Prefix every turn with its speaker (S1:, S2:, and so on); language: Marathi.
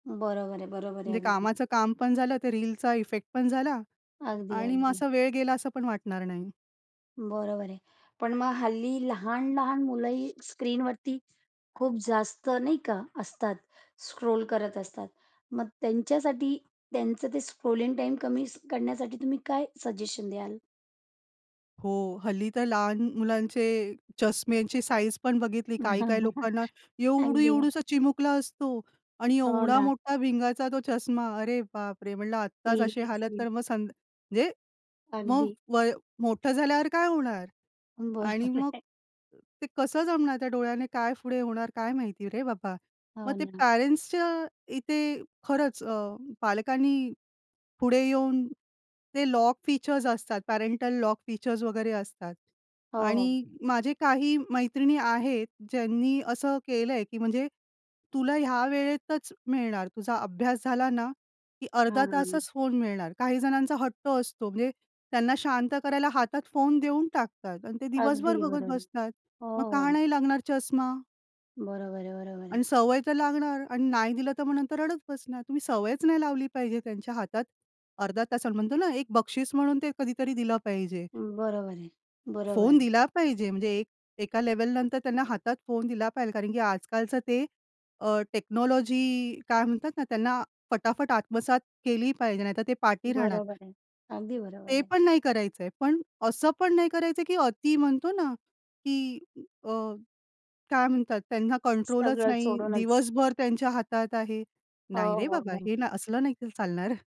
S1: बरोबर आहे, बरोबर आहे.
S2: जे
S1: अगदी
S2: कामाचं काम पण झालं, ते रीलचा इफेक्ट पण झाला आणि मग
S1: अगदी-अगदी.
S2: असा वेळ गेला, असं पण वाटणार नाही.
S1: बरोबर आहे. पण मग हल्ली लहान-लहान मुलंही स्क्रीनवरती, खूप जास्त नाही का असतात? स्क्रोल करत असतात. मग त्यांच्यासाठी त्यांचं ते स्क्रोलिंग टाईम कमी करण्यासाठी तुम्ही काय सजेशन द्याल?
S2: हो, हल्ली तर लहान म मुलांचे चष्म्यांची साइझ पण बघितली, काही-काही लोकांना एवढू
S1: अगदी.
S2: एवढूसा चिमुकला असतो आणि
S1: हो
S2: एवढा
S1: ना.
S2: मोठा भिंगाचा तो चष्मा, अरे बापरे! म्हंटलं आत्ताच अशी हालत.
S1: सिरिअसली.
S2: तर मग, संद जे, मग
S1: अगदी.
S2: वय, मोठं झाल्यावर काय होणार? आणि
S1: बरोबर
S2: मग,
S1: आहे.
S2: ते कसं जमणार, त्या डोळ्याने काय पुढे होणार काय माहिती रे बाबा! मग
S1: हो
S2: ते,
S1: ना.
S2: पेरेंट्सच्या इथे खरंच अ, पालकांनी, पुढे येऊन, ते लॉक फीचर्स असतात, पॅरेंटल लॉक फीचर्स वगैरे असतात
S1: हो, हो.
S2: आणि माझे काही मैत्रिणी आहेत ज्यांनी असं केलंय, की म्हणजे, तुला ह्या वेळेतच मिळणार, तुझा अभ्यास झाला ना, कि अर्धा
S1: हां.
S2: तासच फोन मिळणार. काही जणांचा हट्ट असतो, म्हणजे त्यांना शांत करायला हातात फोन देऊन टाकतात आणि ते दिवसभर
S1: अगदी
S2: बघत
S1: बरोबर.
S2: बसतात.
S1: हो,
S2: मग का
S1: हो.
S2: नाही लागणार चष्मा?
S1: बरोबर आहे-बरोबर आहे.
S2: आणि सवय तर लागणार अन् नाही दिलं, तर मग तर रडत बसणार. तुम्ही सवयच नाही लावली पाहिजे, त्यांच्या हातात, अर्धा तासाला म्हणतो ना, एक बक्षीस म्हणून ते कधीतरी दिलं पाहिजे.
S1: बरोबर आहे, बरोबर
S2: फोन
S1: आहे.
S2: दिला पाहिजे, म्हणजे एक एका लेव्हल नंतर त्यांना हातात फोन दिला पाहिजे. कारण की आजकालचं ते अ, टेक्नॉलॉजी काय म्हणतात ना, त्यांना फटाफट आत्मसात केली पाहिजे, नाहीतर ते पाठी राहणार.
S1: बरोबर आहे, अगदी बरोबर
S2: ते
S1: आहे.
S2: पण नाही करायचंय, पण असं पण नाही करायचंय, की अती म्हणतो ना, की अ, काय म्हणतात त्यांना कंट्रोलच
S1: सगळं
S2: नाही,
S1: सोडूनच.
S2: दिवसभर त्यांच्या हातात आहे. नाही
S1: हो,
S2: रे
S1: हो,
S2: बाबा हे
S1: हो.
S2: ना असलं नाही, की चालणार.